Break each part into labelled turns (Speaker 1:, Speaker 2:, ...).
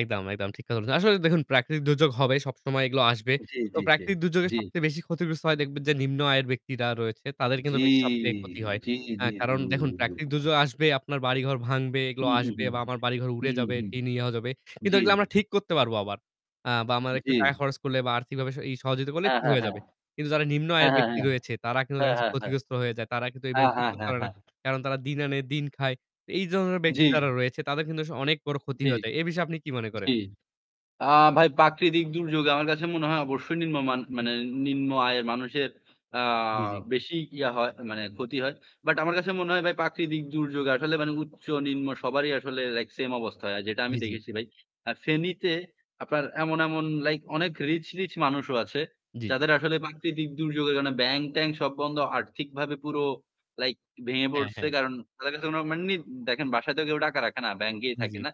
Speaker 1: একদম, একদম ঠিক কথা বলছেন। আসলে দেখুন প্রাকৃতিক দুর্যোগ হবে সবসময় এগুলো আসবে।
Speaker 2: জ্বী,
Speaker 1: তো
Speaker 2: জ্বী, জ্বী,
Speaker 1: প্রাকৃতিক দুর্যোগে
Speaker 2: জ্বী।
Speaker 1: সবচেয়ে বেশি ক্ষতিগ্রস্ত হয় দেখবেন যে নিম্ন আয়ের ব্যক্তিরা রয়েছে তাদের কিন্তু
Speaker 2: জ্বি,
Speaker 1: বেশি সবচেয়ে ক্ষতি হয়।
Speaker 2: জ্বি,
Speaker 1: হ্যাঁ,
Speaker 2: জ্বি,
Speaker 1: কারণ দেখুন
Speaker 2: জ্বি।
Speaker 1: প্রাকৃতিক দুর্যোগ আসবে, আপনার বাড়িঘর ভাঙবে, এগুলো
Speaker 2: হু, হু,
Speaker 1: আসবে
Speaker 2: হু,
Speaker 1: বা আমার বাড়িঘর
Speaker 2: হু,
Speaker 1: উড়ে
Speaker 2: হু,
Speaker 1: যাবে,
Speaker 2: হু,
Speaker 1: টিনও যাবে। কিন্তু
Speaker 2: জ্বী।
Speaker 1: এগুলো আমরা ঠিক করতে পারবো আবার। আ বা আমার একটু
Speaker 2: জ্বী।
Speaker 1: টাকা খরচ করলে বা আর্থিকভাবে ই সহযোগিতা করলে
Speaker 2: হ্যাঁ,
Speaker 1: ঠিক
Speaker 2: হ্যাঁ,
Speaker 1: হয়ে
Speaker 2: হ্যাঁ।
Speaker 1: যাবে। কিন্তু যারা নিম্ন
Speaker 2: হ্যাঁ,
Speaker 1: আয়ের
Speaker 2: হ্যাঁ,
Speaker 1: ব্যক্তি
Speaker 2: হ্যাঁ।
Speaker 1: রয়েছে তারা কিন্তু
Speaker 2: হ্যাঁ,
Speaker 1: দেখা যাচ্ছে
Speaker 2: হ্যাঁ, হ্যাঁ।
Speaker 1: ক্ষতিগ্রস্ত হয়ে যায়। তারা কিন্তু
Speaker 2: হ্যাঁ,
Speaker 1: এভাবে ঠিক
Speaker 2: হ্যাঁ,
Speaker 1: করতে
Speaker 2: হ্যাঁ,
Speaker 1: পারে না।
Speaker 2: হ্যাঁ।
Speaker 1: কারণ তারা দিন আনে দিন খায়। এই ধরনের ব্যক্তি
Speaker 2: জ্বি।
Speaker 1: যারা রয়েছে তাদের কিন্তু আসলে অনেক বড়
Speaker 2: জ্বি,
Speaker 1: ক্ষতি
Speaker 2: জ্বি।
Speaker 1: হয়ে যায়। এ বিষয়ে আপনি কি মনে করেন?
Speaker 2: জি, আ ভাই প্রাকৃতিক দিক দুর্যোগে আমার কাছে মনে হয় অবশ্যই নিম্ন মান মানে নিম্ন আয়ের মানুষের আ
Speaker 1: জ্বি, জ্বি।
Speaker 2: বেশি ইয়া হয় মানে ক্ষতি হয়। বাট আমার কাছে মনে হয় ভাই প্রাকৃতিক দুর্যোগে আসলে মানে উচ্চ নিম্ন সবারই আসলে লাইক সেম অবস্থা হয়। যেটা আমি
Speaker 1: জ্বি, জ্বি।
Speaker 2: দেখেছি ভাই। আর ফেনীতে আপনার এমন, এমন লাইক অনেক রিচ, রিচ মানুষও আছে।
Speaker 1: জ্বি, জ্বি।
Speaker 2: যাদের আসলে প্রাকৃতিক দুর্যোগের কারণে ব্যাংক ট্যাংক সব বন্ধ আর্থিকভাবে পুরো লাইক ভেঙে
Speaker 1: হ্যাঁ,
Speaker 2: পড়ছে।
Speaker 1: হ্যাঁ।
Speaker 2: কারণ তাদের কাছে নেই। দেখেন বাসাতেও কেউ টাকা রাখে না। ব্যাংকেই
Speaker 1: জ্বি,
Speaker 2: থাকে
Speaker 1: জ্বি।
Speaker 2: না।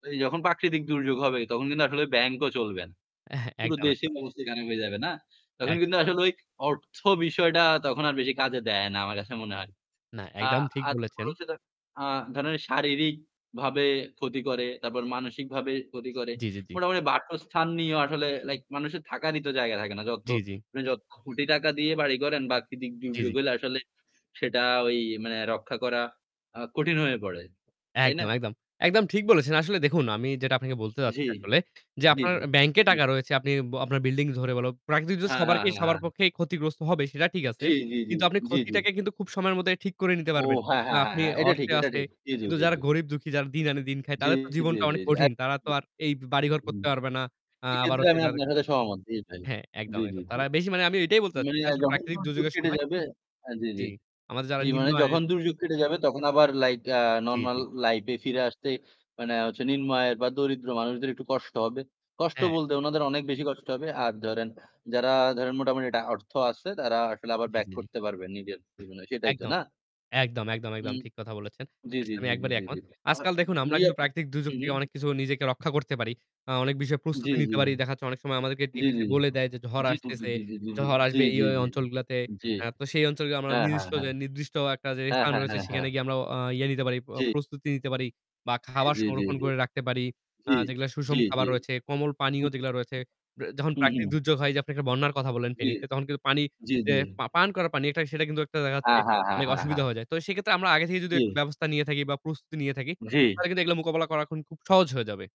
Speaker 2: তো যখন প্রাকৃতিক দুর্যোগ হবে তখন কিন্তু আসলে ব্যাংক ও চলবে না। পুরো
Speaker 1: একদম,
Speaker 2: দেশেই
Speaker 1: একদম।
Speaker 2: [unintelligible] খান হয়ে যাবে না? তখন কিন্তু
Speaker 1: একদম।
Speaker 2: আসলে ওই অর্থ বিষয়টা তখন আর বেশি কাজে দেয় না। আমার কাছে মনে হয়।
Speaker 1: না,
Speaker 2: আ
Speaker 1: একদম ঠিক বলেছেন।
Speaker 2: [unintelligible] আ ধরেন শারীরিকভাবে ক্ষতি করে, তারপর মানসিকভাবে ক্ষতি করে।
Speaker 1: জ্বী, জ্বী, জ্বী।
Speaker 2: মোটামুটি বাসস্থান নিয়েও আসলে লাইক মানুষের থাকারই তো জায়গা থাকে না। যত
Speaker 1: জ্বি, জ্বি।
Speaker 2: যত কোটি টাকা দিয়ে বাড়ি করেন প্রাকৃতিক
Speaker 1: জ্বী,
Speaker 2: দুর্যোগ
Speaker 1: জ্বী।
Speaker 2: হলে আসলে সেটা ওই মানে রক্ষা করা আ কঠিন হয়ে পড়ে। তাই
Speaker 1: একদম,
Speaker 2: না?
Speaker 1: একদম, একদম ঠিক বলেছেন। আসলে দেখুন আমি যেটা আপনাকে বলতে চাচ্ছি
Speaker 2: জ্বী।
Speaker 1: আসলে যে
Speaker 2: জ্বী,
Speaker 1: আপনার
Speaker 2: জ্বী।
Speaker 1: ব্যাংকে
Speaker 2: জি।
Speaker 1: টাকা রয়েছে, আপনি আপনার বিল্ডিং ধরে বললো। প্রাকৃতিক
Speaker 2: হ্যাঁ, হ্যাঁ,
Speaker 1: সবারকে
Speaker 2: হ্যাঁ,
Speaker 1: সবার
Speaker 2: হ্যাঁ।
Speaker 1: পক্ষে ক্ষতিগ্রস্ত হবে সেটা ঠিক আছে।
Speaker 2: জ্বী, জ্বী, জ্বী,
Speaker 1: কিন্তু আপনি
Speaker 2: জ্বী, জ্বী।
Speaker 1: ক্ষতিটাকে কিন্তু খুব সময়ের মধ্যে ঠিক করে নিতে
Speaker 2: ও
Speaker 1: পারবেন।
Speaker 2: হ্যাঁ,
Speaker 1: কারণ
Speaker 2: হ্যাঁ, হ্যাঁ,
Speaker 1: আপনি
Speaker 2: হ্যাঁ, এটা ঠিক,
Speaker 1: অর্থে
Speaker 2: এটা
Speaker 1: আছে।
Speaker 2: ঠিক। জ্বী, জ্বী,
Speaker 1: কিন্তু
Speaker 2: জ্বী,
Speaker 1: যারা
Speaker 2: জ্বী।
Speaker 1: গরিব দুঃখী যারা দিন আনে দিন খায়
Speaker 2: জী,
Speaker 1: তাদের তো
Speaker 2: জী,
Speaker 1: জীবনটা
Speaker 2: জী,
Speaker 1: অনেক
Speaker 2: জী।
Speaker 1: কঠিন। তারা তো
Speaker 2: একদম।
Speaker 1: আর এই বাড়িঘর
Speaker 2: হুম,
Speaker 1: করতে পারবে না। আ আবার
Speaker 2: এক্ষেত্রে
Speaker 1: হচ্ছে
Speaker 2: আমি
Speaker 1: তাদে
Speaker 2: আপনার সাথে সহমত জি ভাই।
Speaker 1: হ্যাঁ, একদম,
Speaker 2: জ্বী, জ্বী,
Speaker 1: একদম।
Speaker 2: জ্বী।
Speaker 1: তারা বেশি মানে আমি এটাই বলতে চাচ্ছি।
Speaker 2: মানে
Speaker 1: এটা আসলে
Speaker 2: যখন
Speaker 1: প্রাকৃতিক
Speaker 2: দুর্যোগ
Speaker 1: দুর্যোগের
Speaker 2: কেটে
Speaker 1: সময়
Speaker 2: যাবে জি,
Speaker 1: জ্বি,
Speaker 2: জি,
Speaker 1: আমাদের যারা
Speaker 2: জি
Speaker 1: নিম্ন
Speaker 2: মানে
Speaker 1: আয়ের
Speaker 2: যখন দুর্যোগ কেটে যাবে তখন আবার লাইট আ
Speaker 1: জ্বি,
Speaker 2: নরমাল
Speaker 1: জ্বি।
Speaker 2: লাইফ এ ফিরে আসতে মানে হচ্ছে নিম্ন আয়ের বা দরিদ্র মানুষদের একটু কষ্ট হবে। কষ্ট
Speaker 1: হ্যাঁ।
Speaker 2: বলতে উনাদের অনেক বেশি কষ্ট হবে। আর ধরেন যারা ধরেন মোটামুটি এটা অর্থ আছে তারা আসলে আবার
Speaker 1: জ্বী,
Speaker 2: ব্যাক
Speaker 1: জ্বী, জী।
Speaker 2: করতে পারবেন নিজের জীবনে সেটাই তো
Speaker 1: একদম,
Speaker 2: না?
Speaker 1: একদম, একদম, একদম
Speaker 2: হুম।
Speaker 1: ঠিক কথা বলেছেন।
Speaker 2: জ্বী, জ্বী,
Speaker 1: আসলে আমি
Speaker 2: জ্বী, জ্বী,
Speaker 1: একবারই
Speaker 2: জী,
Speaker 1: একমত।
Speaker 2: জী, জী। হুম,
Speaker 1: আজকাল দেখুন আমরা কিন্তু প্রাকৃতিক দুর্যোগ থেকে
Speaker 2: হুম।
Speaker 1: অনেক কিছু নিজেকে রক্ষা করতে পারি। আ অনেক বিষয়ে
Speaker 2: জ্বী,
Speaker 1: প্রস্তুতি নিতে
Speaker 2: জ্বী।
Speaker 1: পারি। দেখাচ্ছে অনেক সময় আমাদেরকে
Speaker 2: জ্বী,
Speaker 1: টিভিতে
Speaker 2: জ্বী,
Speaker 1: বলে দেয় যে ঝড়
Speaker 2: জ্বী,
Speaker 1: আসতেছে,
Speaker 2: জ্বী, জ্বী,
Speaker 1: ঝড় আসবে
Speaker 2: জ্বী,
Speaker 1: এই
Speaker 2: জ্বী, জ্বী,
Speaker 1: অঞ্চলগুলাতে।
Speaker 2: জ্বী।
Speaker 1: আ তো সেই অঞ্চলগুলো
Speaker 2: হ্যাঁ, হ্যাঁ,
Speaker 1: নির্দিষ্ট
Speaker 2: হ্যাঁ।
Speaker 1: নির্দিষ্ট একটা যে
Speaker 2: হ্যাঁ,
Speaker 1: স্থান
Speaker 2: হ্যাঁ,
Speaker 1: রয়েছে
Speaker 2: হ্যাঁ,
Speaker 1: সেখানে
Speaker 2: হ্যাঁ।
Speaker 1: গিয়ে আমরা অ ইয়ে নিতে পারি।
Speaker 2: জ্বি।
Speaker 1: প্রস্তুতি নিতে পারি বা
Speaker 2: জ্বী,
Speaker 1: খাবার
Speaker 2: জ্বী, জ্বী,
Speaker 1: সংরক্ষণ
Speaker 2: জ্বী।
Speaker 1: করে রাখতে পারি। আ
Speaker 2: জ্বী,
Speaker 1: যেগুলা সুষম
Speaker 2: জ্বী,
Speaker 1: খাবার
Speaker 2: জ্বী।
Speaker 1: রয়েছে, কোমল পানীয়
Speaker 2: হুম।
Speaker 1: যেগুলো রয়েছে। যখন
Speaker 2: হু,
Speaker 1: প্রাকৃতিক
Speaker 2: হু।
Speaker 1: দুর্যোগ হয় যে আপনি একটা বন্যার কথা বললেন
Speaker 2: জ্বী।
Speaker 1: ফেনীতে তখন কিন্তু পানি
Speaker 2: জি,
Speaker 1: যে
Speaker 2: জি।
Speaker 1: পা পান করা পানি সেটা কিন্তু একটা দেখাচ্ছে
Speaker 2: হ্যাঁ, হ্যাঁ, হ্যাঁ,
Speaker 1: অনেক
Speaker 2: হ্যাঁ,
Speaker 1: অসুবিধা
Speaker 2: হ্যাঁ।
Speaker 1: হয়ে যায়। তো সেক্ষেত্রে আমরা আগে থেকে যদি একটা
Speaker 2: জী।
Speaker 1: ব্যবস্থা নিয়ে থাকি বা প্রস্তুতি নিয়ে থাকি,
Speaker 2: জ্বি।
Speaker 1: তাহলে কিন্তু এগুলা মোকাবিলা করা এখন খুব সহজ হয়ে যাবে।